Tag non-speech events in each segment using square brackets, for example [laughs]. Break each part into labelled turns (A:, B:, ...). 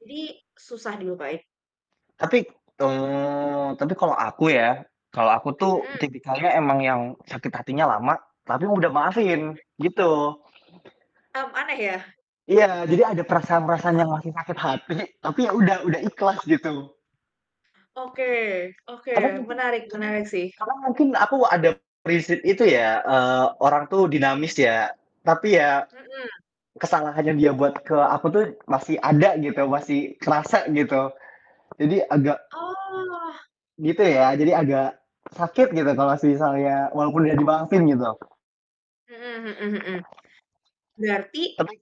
A: Jadi susah dilupain?
B: Tapi, teng tapi kalau aku ya, kalau aku tuh
A: Mhm.
B: tipikalnya emang yang sakit hatinya lama, tapi mudah maafin
A: Hmm.
B: gitu.
A: Hmm, aneh ya?
B: Iya, jadi ada perasaan-perasaan yang masih sakit hati, tapi ya udah udah ikhlas gitu.
A: Oke oke,
B: Telat mungkin
A: menarik
B: karena
A: menarik sih.
B: karena mungkin aku ada prinsip itu ya, eee, orang tuh
A: Mhm.
B: dinamis ya, tapi ya
A: Mhm.
B: kesalahannya dia buat ke aku tuh masih ada gitu masih kerasa gitu jadi agak
A: Oh.
B: gitu ya, jadi agak sakit gitu kalau misalnya walaupun udah dimaafin gitu.
A: Mhm mhm mhm. Berarti
B: Tapi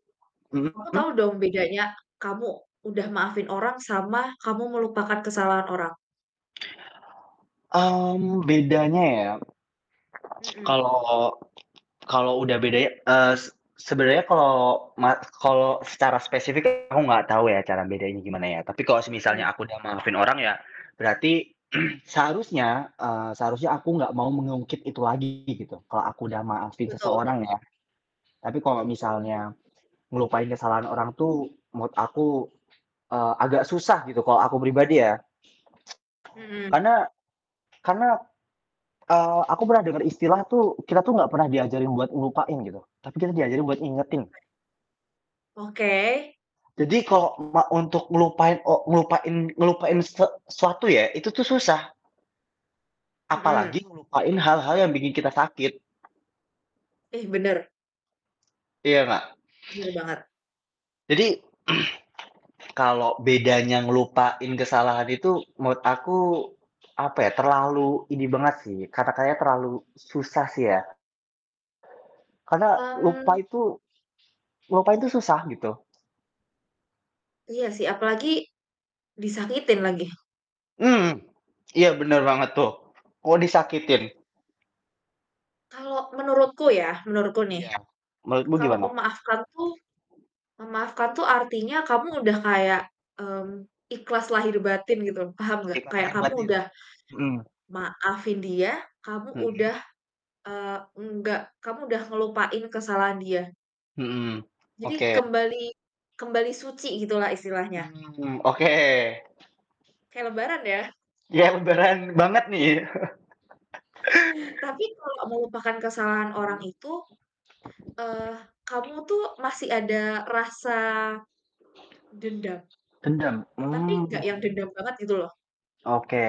A: kamu tau
B: mhm?
A: dong bedanya kamu udah maafin orang sama kamu melupakan kesalahan orang?
B: Mmm, bedanya ya [tsk]
A: Mhm.
B: kalau kalau udah beda ya, es sebenarnya kalau ma kalau secara spesifik aku nggak tahu ya cara bedainnya gimana ya. Tapi kalau semisalnya
A: Iya.
B: akunya maafin orang ya, berarti [clears throat] seharusnya, eee, seharusnya aku nggak mau mengungkit itu lagi gitu, kalau aku udah maafin
A: Betul.
B: seseorang ya. Tapi kalau
A: Mhm.
B: misalnya ngelupain kesalahan orang tuh menurut aku, eee, agak susah gitu kalau aku pribadi ya. [tsk]
A: Mhm.
B: Karena karena eee, aku pernah denger istilah tuh kita tuh nggak pernah diajarin buat ngelupain gitu, tapi kita diajarin buat ngingetin.
A: Oke.
B: Jadi kalau ma untuk melupain o ngelupain ngelupain sek suatu ya, itu tuh susah. Apalagi
A: Mhm.
B: ngelupain hal-hal yang bikin kita sakit.
A: Ih, bener.
B: Iya gak?
A: Bener banget.
B: Jadi, [clears throat] kalau bedanya ngelupain kesalahan itu menurut aku, apa ya, terlalu ini banget sih kata-katanya terlalu susah sih ya. Karena lupa
A: Mmm.
B: itu ngelupain tuh susah, gitu.
A: Iya sih, apa lagi disakitin lagi.
B: Mmm, iya bener banget tuh. Kok disakitin?
A: Kalau
B: [clears throat]
A: menurutku ya, menurutku nih
B: Iya, menurutmu
A: kalau
B: gimana?
A: memaafkan tuh memaafkan tuh artinya kamu udah kayak, mmm, ikhlas lahir batin gitu, paham gak?
B: Ikhlas
A: Kayak
B: lahir
A: kamu
B: batin,
A: udah
B: mhm.
A: maafin dia, kamu
B: Mhm?
A: udah, eee, enggak kamu udah ngelupain kesalahan dia.
B: Mhm,
A: Jadi
B: oke.
A: kembali kembali suci gitulah istilahnya.
B: Hmm, oke.
A: Kaya Lebaran ya.
B: Yang beneran banget nih? [laughs]
A: [chuckles] Tapi kalau melupakan kesalahan orang
B: Mhm.
A: itu, eee, kamu tuh masih ada rasa dendam
B: Dendam?
A: tapi
B: Hmm.
A: gak yang dendam banget gitu loh.
B: Oke.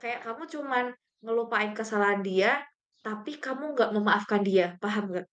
A: Kayak kamu cuman ngelupain kesalahan dia, tapi kamu gak memaafkan dia, paham nggak?